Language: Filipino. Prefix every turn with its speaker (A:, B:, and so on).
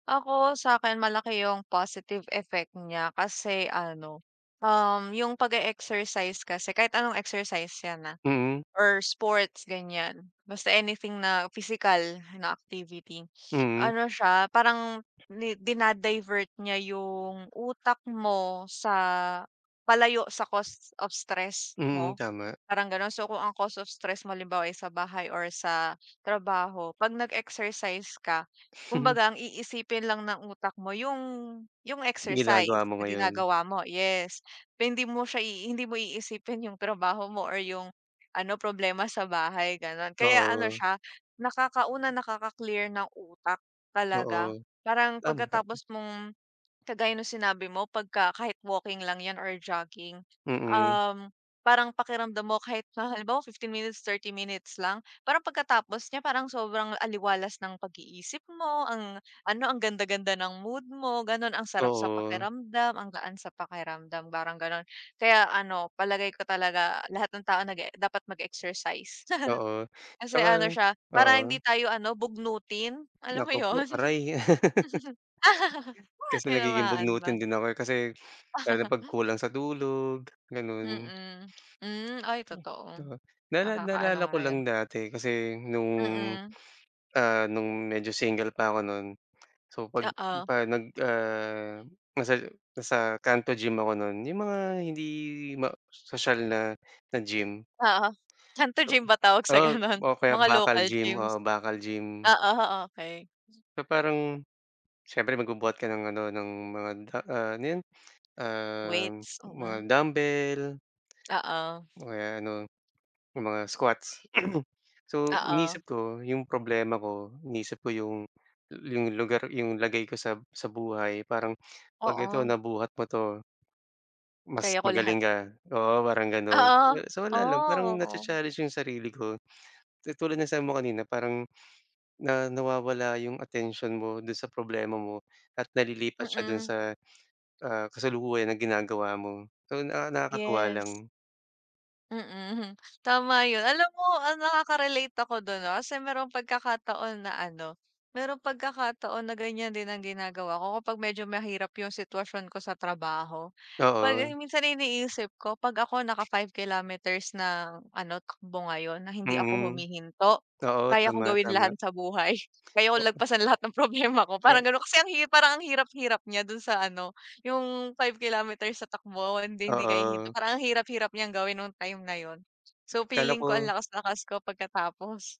A: Ako, sa'kin malaki yung positive effect niya kasi ano, um, yung pag e-exercise kasi kahit anong exercise yan, ah,
B: Mm.
A: or sports ganiyan, basta anything na physical na activity.
B: Mm.
A: Ano siya parang ni dina-divert niya yung utak mo sa palayo sa cause of stress
B: Mm,
A: mo,
B: tama.
A: parang gano'n. So, kung ang cause of stress mo halimbawa ay sa bahay or sa trabaho, 'pag nag-exercise ka, kumbaga ang iisipin lang ng utak mo yung yung exercise
B: Ginagawa mo
A: na
B: ngayon.
A: ginagawa mo, yes. Na hindi mo siya, hindi mo iisipin yung trabaho mo or yung ano problema sa bahay, gano'n. Kaya ano
B: Oo.
A: siya nakaka una nakaka-clear ng utak talaga.
B: Oo,
A: Parang
B: tama.
A: pagkatapos mong kagaya nung sinabi mo pagka kahit walking lang yan or jogging,
B: Mm.
A: um, parang pakiramdam mo kahit na halimbawa 15 minutes, 30 minutes lang, parang pagkatapos niya, parang sobrang aliwalas ng pag-iisip mo, ang ano, ang ganda-ganda ng mood mo gano'n, ang sarap sa
B: Oo.
A: pakiramdam, ang gaan sa pakiramdam, parang gano'n. Kaya ano, palagay ko talaga lahat ng tao nag-e dapat mag-exercise.
B: Oo,
A: Kasi
B: 'tsaka
A: ano siya, parang hindi
B: oo.
A: tayo ano bugnutin. Alam mo
B: Naku po,
A: 'yon?
B: aray. Kasi nagiging
A: Tinamaan
B: bugnutin
A: ba?
B: din ako, eh, kasi lalo 'pag kulang sa tulog, gano'n.
A: Mm, hmm. Ay,
B: [unintelligible]
A: totoo,
B: Nala
A: nakaka ano
B: naalala ko
A: nga yan.
B: lang dati kasi nung,
A: Mm.
B: ah, nung medyo single pa ako no'n. So, 'pag
A: Oo.
B: 'pag nag, ah, nasa nasa kanto gym ako no'n, yung mga hindi ma sosyal na, na gym.
A: Oo, kanto
B: So,
A: gym ba tawag
B: um,
A: sa
B: ah,
A: gano'n,
B: o kaya
A: mga
B: bakal
A: local
B: gym, oo,
A: gyms?
B: bakal gym.
A: Oo, okey.
B: So, parang, siyempre magbubuhat ka ng ano, ng mga da ah, ano 'yon? Um,
A: Weights?
B: mga
A: Mm.
B: dumbbell
A: Oo.
B: o kaya ano, yung mga squats. So,
A: Oo.
B: inisip ko yung problema ko, inisip ko yung yung lugar, yung lagay ko sa sa buhay. Parang pag ito
A: Oo.
B: nabuhat mo 'to mas
A: Kaya ko lahat.
B: magaling ka oo parang gano'n.
A: Oo,
B: So, wala lang parang na cha
A: oh!
B: challenge yung sarili ko. Katulad ng sabi mo kanina parang na nawawala yung atensyon mo do'n sa problema mo at nalilipat siya do'n
A: Mm.
B: sa, ah, kasalukuyan na ginagawa mo. So, na nakakatuwa
A: Yes.
B: lang.
A: Mm, tama 'yon. Alam mo, ah, nakakarelate ako do'n ah. Kasi mayro'ng pagkakataon na ano, mayro'ng pagkakataon na ganiyan din ang ginagawa ko kapag medyo mahirap yung sitwasyon ko sa trabaho. 'Pag
B: Oo.
A: minsan ang iniisip ko 'pag ako naka 5 kilometers na ano, takbo ngayon na hindi ako
B: Mm,
A: humihinto,
B: oo,
A: kaya kong
B: tama,
A: gawin
B: tama.
A: lahat sa buhay. Kaya ko
B: Oo.
A: lagpasan lahat ng problema ko parang
B: Kaya
A: gano'n. Kasi ang hirap parang ang hirap hirap niya do'n sa ano, yung 5 kilometers sa takbo. Hindi hindi ka hihinto,
B: Oo.
A: parang ang hirap-hirap niyang gawin nung time na 'yon. So,
B: Kala
A: feeling ko ang
B: ko.
A: lakas-lakas ko pagkatapos.